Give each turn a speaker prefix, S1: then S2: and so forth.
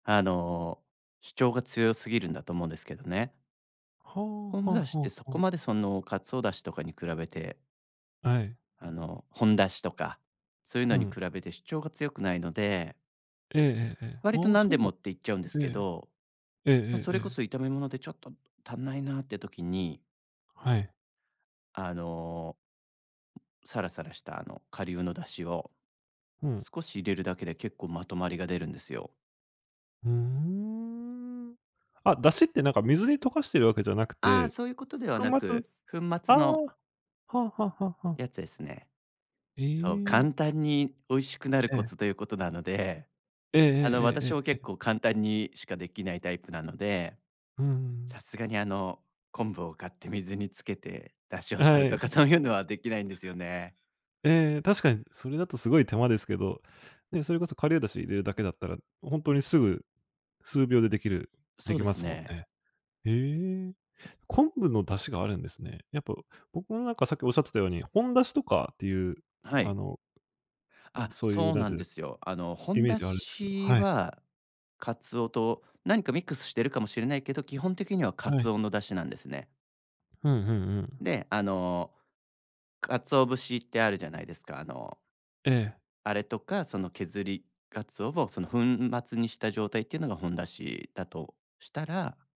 S1: あの、主張が強すぎるんだと思うんですけどね。
S2: ほお、は
S1: 昆布だし
S2: あ
S1: っ
S2: は
S1: てそ
S2: あは
S1: こ
S2: あ。
S1: までその鰹出汁とかに比べて
S2: はい。
S1: あの、ほんだしとか、そういう
S2: う
S1: のに比
S2: ん。
S1: べて主張が強くないので
S2: ええええええ。
S1: 割と
S2: ああ、
S1: 何
S2: そ
S1: で
S2: うな
S1: も
S2: ん
S1: って言っちゃうんですけ
S2: ええ、
S1: ど、
S2: ええ
S1: ま、
S2: え
S1: そ
S2: ええ
S1: れこ
S2: え。
S1: そ炒め物でちょっと足んないなって時に
S2: はい。
S1: あのサラサラしたあの顆粒の出汁を、
S2: うん。
S1: 少し入れるだけで、結構まとまりが出るんですよ。
S2: うーん、あ、だしってなんか水に溶かしてるわけじゃなく
S1: ああ、
S2: て、
S1: そういうことでは
S2: 粉
S1: な
S2: 末？
S1: く、粉
S2: あ
S1: 末
S2: あ、
S1: の
S2: はあはあはあはあ。
S1: やつですね。
S2: へ
S1: そう、
S2: え。
S1: 簡単に美味しくなる
S2: え
S1: コ
S2: え。
S1: ツということなので、
S2: ええ
S1: あの、
S2: えええええ
S1: 私は
S2: え
S1: 結
S2: ええ。
S1: 構簡単にしかできないタイプなので、
S2: うんうん。
S1: さすがにあの、昆布を買って水につけて出汁を
S2: は
S1: 取る
S2: い。
S1: とかそういうのはできないんですよね。
S2: ええ、確かにそれだとすごい手間ですけど、ね、それこそ顆粒だし入れるだけだったら、ほんとにすぐ数秒でできる
S1: そ
S2: で
S1: う
S2: き
S1: で
S2: ま
S1: す
S2: すもん
S1: ね。
S2: ね。へえ。昆布の出汁があるんですね。やっぱ僕もなんかさっきおっしゃってたように、ほんだしとかっていう、
S1: は
S2: あ
S1: い。
S2: の、ん、
S1: あ、
S2: そういう
S1: そう
S2: 何
S1: な
S2: て
S1: ん
S2: 言う
S1: で
S2: の、
S1: すよ。あの、ほ
S2: イ
S1: ん
S2: メー
S1: だ
S2: ジがあるんですけど、
S1: し
S2: はい。
S1: はカツオと何かミックスしてるかもしれないけど、基本的にはカ
S2: は
S1: ツ
S2: い。
S1: オの出汁なんですね。
S2: ふん、うんうん。
S1: で、あの、鰹節ってあるじゃないですか、あの、
S2: ええ。
S1: あれとか、その削り鰹をその粉末にした状態っていうのがほんだしだとしたら